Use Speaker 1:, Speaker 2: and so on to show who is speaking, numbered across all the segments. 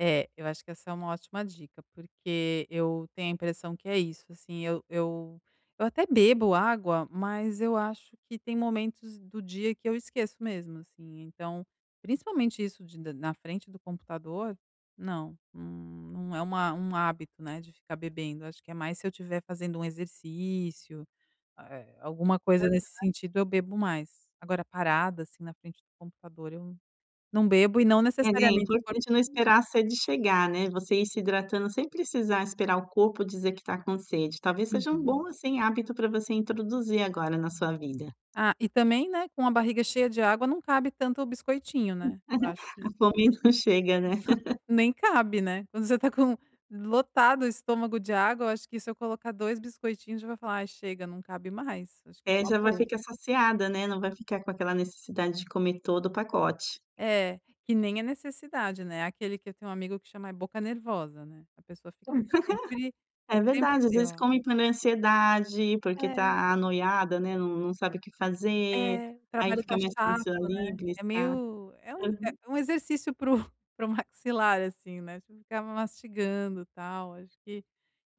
Speaker 1: É, eu acho que essa é uma ótima dica porque eu tenho a impressão que é isso, assim, eu eu eu até bebo água, mas eu acho que tem momentos do dia que eu esqueço mesmo, assim, então principalmente isso de na frente do computador, não. Hum, não é um a um hábito, né, de ficar bebendo. Acho que é mais se eu estiver fazendo um exercício, ah, eh, alguma coisa nesse
Speaker 2: Aham.
Speaker 1: sentido eu bebo mais. Agora parada, assim, na frente do computador, eu não bebo e não
Speaker 2: É, e é
Speaker 1: necessariamente.
Speaker 2: importante não
Speaker 1: [unintelligible]
Speaker 2: esperar a sede chegar, né. Você ir se hidratando sem precisar esperar o corpo dizer que tá com sede. Talvez sejam um
Speaker 1: Uhum.
Speaker 2: bom, assim, hábito pra você introduzir agora na sua vida.
Speaker 1: Ah, e também, né, com a barriga cheia de água não cabe tanto o biscoitinho, né. Eu acho
Speaker 2: A
Speaker 1: que
Speaker 2: fome não chega, né.
Speaker 1: nem cabe, né. Quando você tá com lotado o estômago de água, eu acho que se eu colocar 2 biscoitinhos você vai falar: "Ai, chega. Não cabe mais." Acho que é
Speaker 2: É,
Speaker 1: uma
Speaker 2: já vai
Speaker 1: boa.
Speaker 2: ficar saciada, né. Não vai ficar com aquela necessidade de comer todo o pacote.
Speaker 1: É. Que nem é necessidade, né, aquele que eu tenho um amigo que chama é boca nervosa, né. A pessoa fica tá sempre tá
Speaker 2: É verdade, às
Speaker 1: sempre
Speaker 2: vezes
Speaker 1: ó.
Speaker 2: come pa né, é ansiedade, porque
Speaker 1: É.
Speaker 2: tá noiada, né, não não sabe o que fazer.
Speaker 1: É.
Speaker 2: Aí
Speaker 1: Trabalho
Speaker 2: fica
Speaker 1: tá
Speaker 2: mais
Speaker 1: chato,
Speaker 2: fácil, ali,
Speaker 1: né. É
Speaker 2: beliscar.
Speaker 1: meio é um é
Speaker 2: Aham.
Speaker 1: um exercício para o para o maxilar, assim né, tipo, você fica lá mastigando, tal, acho que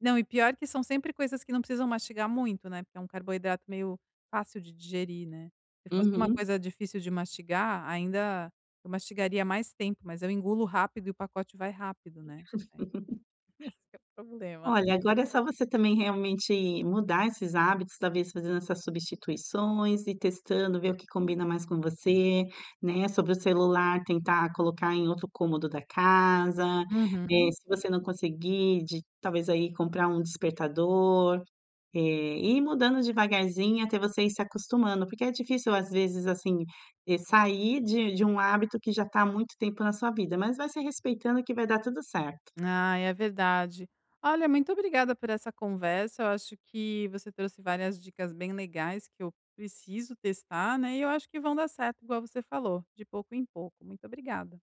Speaker 1: não, e pior que são sempre coisas que não precisam mastigar muito, né, porque é um carboidrato meio fácil de digerir, né. Se fosse uma
Speaker 2: Uhum.
Speaker 1: coisa difícil de mastigar, ainda eu mastigaria mais tempo. Mas eu engulo rápido e o pacote vai rápido, né. Aí esse é o problema.
Speaker 2: Olha, agora é só você também realmente mudar esses hábitos, talvez fazendo essas substituições, ir testando, ver o que combina mais com você, né. Sobre o celular, tentar colocar em outro cômodo da casa, eh,
Speaker 1: Uhum.
Speaker 2: se você não conseguir de talvez, aí, comprar um despertador, eh, e ir mudando devagarzinho até você ir se acostumando, porque é difícil, às vezes assim, e sair de de um hábito que já tá há muito tempo na sua vida. Mas vai se respeitando que vai dar tudo certo.
Speaker 1: Ai, é verdade. Olha, muito obrigada por essa conversa, eu acho que você trouxe várias dicas bem legais que eu preciso testar, né, e eu acho que vão dar certo, igual você falou. De pouco em pouco. Muito obrigada.